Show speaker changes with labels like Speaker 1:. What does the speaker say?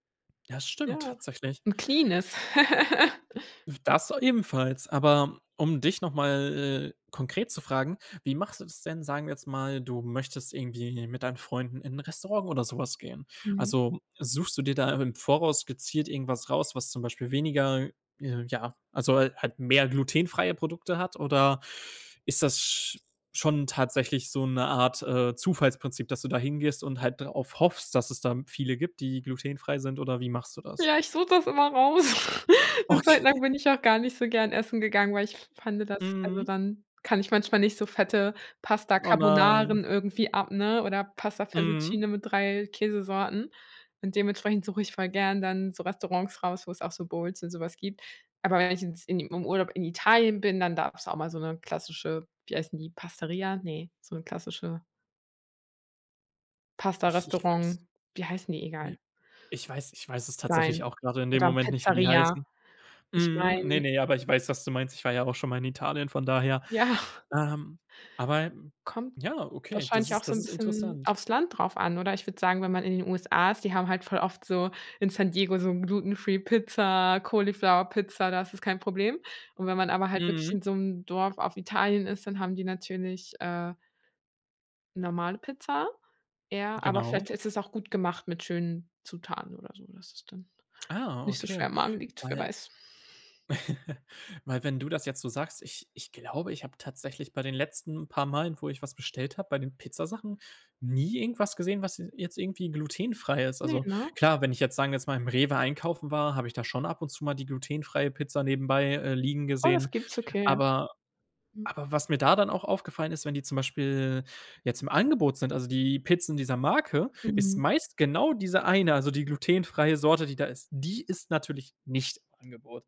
Speaker 1: Ja, stimmt,
Speaker 2: Ja,
Speaker 1: tatsächlich.
Speaker 2: 'n cleanes.
Speaker 1: W das ebenfalls. Aber um dich noch mal, äh, konkret zu fragen: Wie machst du das denn? Sagen wir jetzt mal, du möchtest irgendwie mit deinen Freunden in 'n Restaurant oder so was gehen?
Speaker 2: Mhm.
Speaker 1: Also, suchst du dir da im Voraus gezielt irgendwas raus, was zum Beispiel weniger ja, also hal halt mehr glutenfreie Produkte hat, oder ist das sch schon tatsächlich so 'ne Art, äh, Zufallsprinzip, dass du da hingehst und halt darauf hoffst, dass es da viele gibt, die glutenfrei sind, oder wie machst du das?
Speaker 2: Ja, ich suche das immer raus. 'Ne
Speaker 1: Okay.
Speaker 2: Zeit lang bin ich auch gar nicht so gern essen gegangen, weil ich f fand das also
Speaker 1: Mhm.
Speaker 2: dann kann ich manchmal nicht so fette Pasta
Speaker 1: Oh, nein.
Speaker 2: Carbonaras irgendwie ab oder Pasta
Speaker 1: Mhm.
Speaker 2: Fettuccine mit 3 Käsesorten. Und dementsprechend suche ich voll gern dann so Restaurants raus, wo es auch so Bowls und so was gibt. Aber wenn ich ins in im Urlaub in Italien bin, dann darf's auch mal so 'ne klassische, wie heißen die, Pastaria? Ne, so 'n klassische
Speaker 1: Ich ich weiß
Speaker 2: Pastarestaurant, wie heißen die
Speaker 1: Ne,
Speaker 2: egal.
Speaker 1: ich weiß ich weiß es tatsächlich
Speaker 2: sein.
Speaker 1: auch gerade in dem
Speaker 2: Oder
Speaker 1: Moment nicht, wie die
Speaker 2: Pizzeria.
Speaker 1: heißen.
Speaker 2: Ich
Speaker 1: Mhm, ne,
Speaker 2: meine
Speaker 1: ne, aber ich weiß, was du meinst. Ich war ja auch schon mal in Italien, von daher.
Speaker 2: Ja.
Speaker 1: Ähm, aber
Speaker 2: Kommt
Speaker 1: ja, okay, das
Speaker 2: wahrscheinlich auch
Speaker 1: ist
Speaker 2: so
Speaker 1: das
Speaker 2: 'n
Speaker 1: ist
Speaker 2: bisschen
Speaker 1: interessant.
Speaker 2: aufs Land drauf an, oder? Ich würde sagen, wenn man in den USA ist, die haben halt voll oft so in San Diego so glutenfree Pizza, Cauliflower Pizza, da ist das kein Problem. Und wenn man aber halt wirklich
Speaker 1: Mhm.
Speaker 2: in so 'm Dorf auf Italien ist, dann haben die natürlich, äh normale Pizza eher, aber
Speaker 1: Genau.
Speaker 2: vielleicht ist es auch gut gemacht mit schönen Zutaten oder so, dass es dann
Speaker 1: Ah,
Speaker 2: nicht so schwer
Speaker 1: okay.
Speaker 2: im Magen liegt, wer
Speaker 1: Weil
Speaker 2: weiß.
Speaker 1: weil, wenn du das jetzt so sagst, ich ich glaube, ich hab tatsächlich bei den letzten paar Malen, wo ich was bestellt habe, bei den Pizzasachen nie irgendwas gesehen, was se jetzt irgendwie glutenfrei ist.
Speaker 2: Ne,
Speaker 1: Also
Speaker 2: ne?
Speaker 1: klar, wenn ich jetzt, sagen wir jetzt mal, im Rewe einkaufen war, habe ich da schon ab und zu mal die glutenfreie Pizza nebenbei, äh, liegen
Speaker 2: Oh,
Speaker 1: gesehen.
Speaker 2: das gibt's, okay.
Speaker 1: Aber
Speaker 2: Mhm.
Speaker 1: aber was mir da dann auch aufgefallen ist: Wenn die zum Beispiel jetzt im Angebot sind, also die Pizzen dieser Marke, ist
Speaker 2: Mhm.
Speaker 1: meist genau diese eine, also die glutenfreie Sorte, die da ist, die ist natürlich nicht im Angebot.